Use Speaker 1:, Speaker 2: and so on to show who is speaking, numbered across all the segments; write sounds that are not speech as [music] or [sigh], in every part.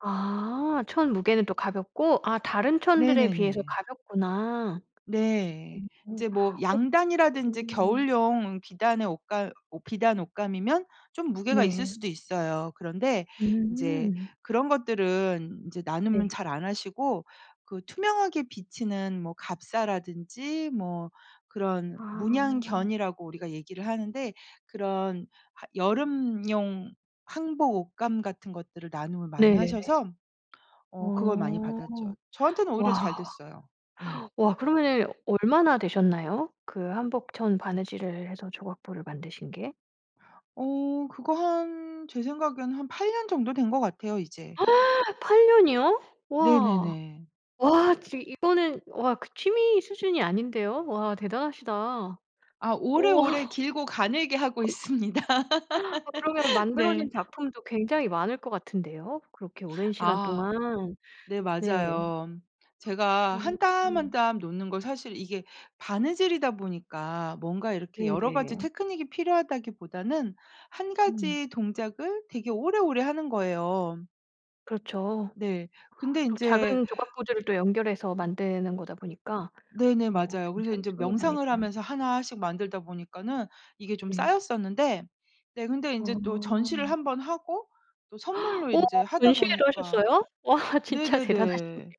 Speaker 1: 아. 천 무게는 또 가볍고 아 다른 천들에 비해서
Speaker 2: 네네네.
Speaker 1: 가볍구나.
Speaker 2: 네.
Speaker 1: 음. 음.
Speaker 2: 이제 뭐
Speaker 1: 어.
Speaker 2: 양단이라든지
Speaker 1: 음.
Speaker 2: 겨울용 비단의 옷감 옷 비단 옷감이면 좀 무게가 있을
Speaker 1: 네.
Speaker 2: 수도 있어요. 그런데 이제
Speaker 1: 음.
Speaker 2: 그런 것들은 이제
Speaker 1: 네.
Speaker 2: 나눔은 잘 안 하시고 그 투명하게 비치는 뭐 갑사라든지 뭐 그런
Speaker 1: 아.
Speaker 2: 문양 견이라고 우리가 얘기를 하는데 그런 하 여름용 한복 옷감 같은 것들을 나눔을 많이
Speaker 1: 네.
Speaker 2: 하셔서 어 그걸 많이
Speaker 1: 어.
Speaker 2: 받았죠. 저한테는 오히려 잘
Speaker 1: 와.
Speaker 2: 됐어요. 예.
Speaker 1: 와 그러면은 얼마나 되셨나요? 그 한복천 바느질을 해서 조각보를 만드신 게?
Speaker 2: 어. 그거 한 제 생각에는 한 8 년 정도 된 것 같아요 이제.
Speaker 1: [gasps] 8 년이요? 와.
Speaker 2: 네네네.
Speaker 1: 와 지 이거는 와 그 취미 수준이 아닌데요. 와 대단하시다.
Speaker 2: 아
Speaker 1: 오.
Speaker 2: 오래오래
Speaker 1: 아
Speaker 2: 길고 가늘게 하고 있습니다.
Speaker 1: 그러면
Speaker 2: [laughs]
Speaker 1: 만들어진
Speaker 2: 네.
Speaker 1: 작품도 굉장히 많을 것 같은데요. 그렇게 오랜 시간
Speaker 2: 아.
Speaker 1: 동안.
Speaker 2: 네
Speaker 1: 네.
Speaker 2: 맞아요. 제가 1
Speaker 1: 오
Speaker 2: 땀, 1
Speaker 1: 음.
Speaker 2: 땀 놓는 걸 사실 이게 바느질이다 보니까 뭔가 이렇게 여러 가지
Speaker 1: 네네.
Speaker 2: 테크닉이 필요하다기보다는 1
Speaker 1: 음.
Speaker 2: 가지 동작을 되게 오래오래 하는 거예요.
Speaker 1: 그렇죠.
Speaker 2: 네. 근데
Speaker 1: 또
Speaker 2: 인제
Speaker 1: 작은 조각 구조를 또 연결해서 만드는 거다 보니까
Speaker 2: 네네
Speaker 1: 어
Speaker 2: 맞아요. 그래서
Speaker 1: 굉장히
Speaker 2: 이제
Speaker 1: 손이 많이
Speaker 2: 명상을
Speaker 1: 가는
Speaker 2: 하면서 1 씩 만들다 보니까는 이게 좀
Speaker 1: 네.
Speaker 2: 쌓였었는데 네 근데 이제 또 전시를
Speaker 1: 아.
Speaker 2: 1 번 하고 또 선물로
Speaker 1: 어?
Speaker 2: 이제 하다
Speaker 1: 전시회를
Speaker 2: 보니까
Speaker 1: 하셨어요? 와 진짜 대단하시네요.
Speaker 2: 네네네.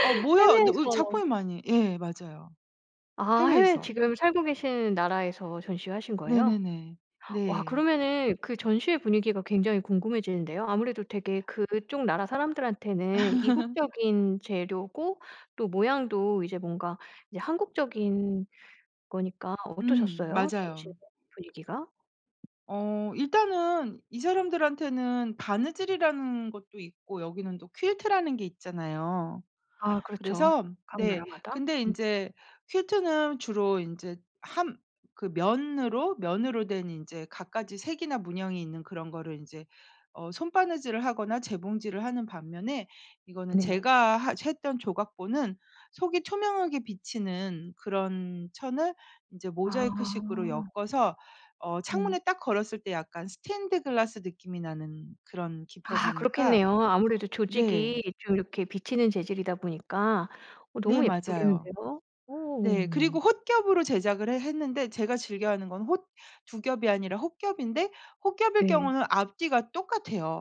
Speaker 2: 아 뭐야 네 으
Speaker 1: 해외에서
Speaker 2: 작품이 많이 예 맞아요.
Speaker 1: 아. 해외에
Speaker 2: 해외에서.
Speaker 1: 지금 살고 계신 나라에서 전시회 하신 거예요?
Speaker 2: 네네네.
Speaker 1: 와
Speaker 2: 네.
Speaker 1: 그러면은 그 전시회 분위기가 굉장히 궁금해지는데요. 아무래도 되게 그쪽 나라 사람들한테는
Speaker 2: [laughs]
Speaker 1: 이국적인 재료고 또 모양도 이제 뭔가 이제 한국적인 거니까
Speaker 2: 음.
Speaker 1: 어떠셨어요? 전시회
Speaker 2: 맞아요.
Speaker 1: 분위기가?
Speaker 2: 어 일단은 이 사람들한테는 바느질이라는 것도 있고 여기는 또 퀼트라는 게 있잖아요.
Speaker 1: 아 그렇죠.
Speaker 2: 그래서
Speaker 1: 각
Speaker 2: 네.
Speaker 1: 나라마다.
Speaker 2: 근데
Speaker 1: 음.
Speaker 2: 인제 퀼트는 주로 인제 함 그 면으로 면으로 된 이제 갖가지 색이나 문양이 있는 그런 거를 인제 어 손바느질을 하거나 재봉질을 하는 반면에 이거는
Speaker 1: 네네.
Speaker 2: 제가 하 했던 조각보는 속이 투명하게 비치는 그런 천을 이제 모자이크 식으로
Speaker 1: 아.
Speaker 2: 엮어서 어
Speaker 1: 음.
Speaker 2: 창문에 딱 걸었을 때 약간 스테인드 글라스 느낌이 나는 그런
Speaker 1: 아
Speaker 2: 기법이니까
Speaker 1: 그렇겠네요. 아무래도
Speaker 2: 네.
Speaker 1: 조직이 좀 이렇게 비치는 재질이다 보니까 어
Speaker 2: 네
Speaker 1: 너무
Speaker 2: 맞아요.
Speaker 1: 예쁘겠는데요.
Speaker 2: 네.
Speaker 1: 어.
Speaker 2: 그리고 홑겹으로 제작을 해 했는데 제가 즐겨하는 건 홑 2 겹이 아니라 홑겹인데 홑겹일
Speaker 1: 네.
Speaker 2: 경우는 앞뒤가 똑같아요.